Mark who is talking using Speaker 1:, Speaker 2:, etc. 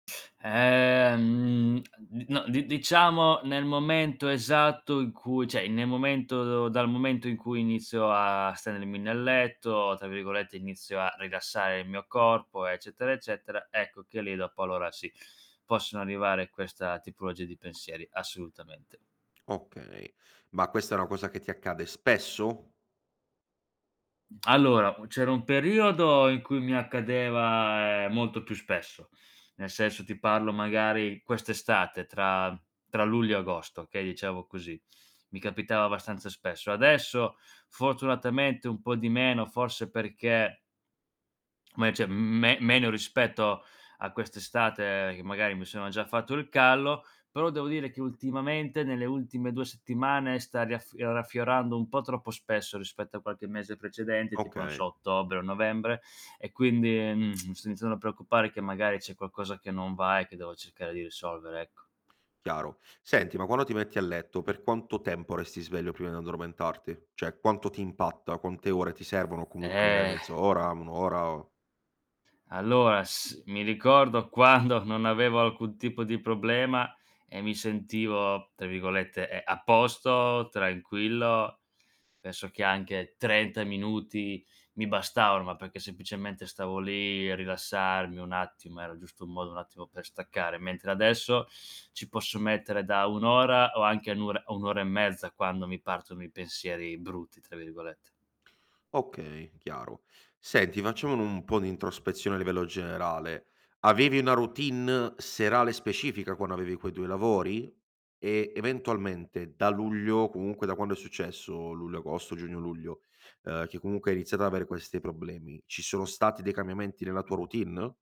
Speaker 1: Ehm, a n no di diciamo nel momento esatto in cui cioè nel momento dal momento in cui inizio a stendermi nel letto, tra virgolette, inizio a "rilassare il mio corpo", eccetera, eccetera, ecco che lì dopo allora sì, possono arrivare questa tipologia di pensieri, assolutamente.
Speaker 2: Okay. Ma questa è una cosa che ti accade spesso?
Speaker 1: Allora, c'era un periodo in cui mi accadeva, ehm, molto più spesso. Nel senso ti parlo magari quest'estate tra tra luglio e agosto, okay, diciamo così. Mi capitava abbastanza spesso. Adesso, fortunatamente, un po' di meno, forse perché me cioè, mhmm, me meno rispetto a quest'estate, che magari mi sono già fatto il callo, però devo dire che ultimamente, nelle ultime 2 settimane, sta raffio raffiorando un po' troppo spesso rispetto a qualche mese precedente, tipo non
Speaker 2: Okay.
Speaker 1: so ottobre o novembre e quindi, mhmm, sto iniziando a preoccupare, che magari c'è qualcosa che non va e che devo cercare di risolvere, ecco.
Speaker 2: Chiaro. Senti, ma quando ti metti a letto, per quanto tempo resti sveglio prima di addormentarti? Cioè quanto ti impatta? Quante ore ti servono? O comunque magari
Speaker 1: Eh.
Speaker 2: 1/2 ora, 1 ora?
Speaker 1: Allora, s mi ricordo quando non avevo alcun tipo di problema e mi sentivo, tra virgolette, e e "a posto, tranquillo." Adesso che anche 30 minuti mi bastavano, ma perché semplicemente stavo lì a rilassarmi un attimo, era giusto un modo un attimo per staccare, mentre adesso ci posso mettere da 1 ora o anche nura 1 ora e mezza, quando mi partono i "pensieri brutti", tra virgolette.
Speaker 2: Okay, chiaro. Senti, facciamo un po' di introspezione a livello generale. Avevi una routine serale specifica, quando avevi quei 2 lavori? E eventualmente da luglio, comunque da quando è successo, luglio agosto, giugno luglio, uhm, che comunque hai iniziato ad avere questi problemi. Ci sono stati dei cambiamenti nella tua routine?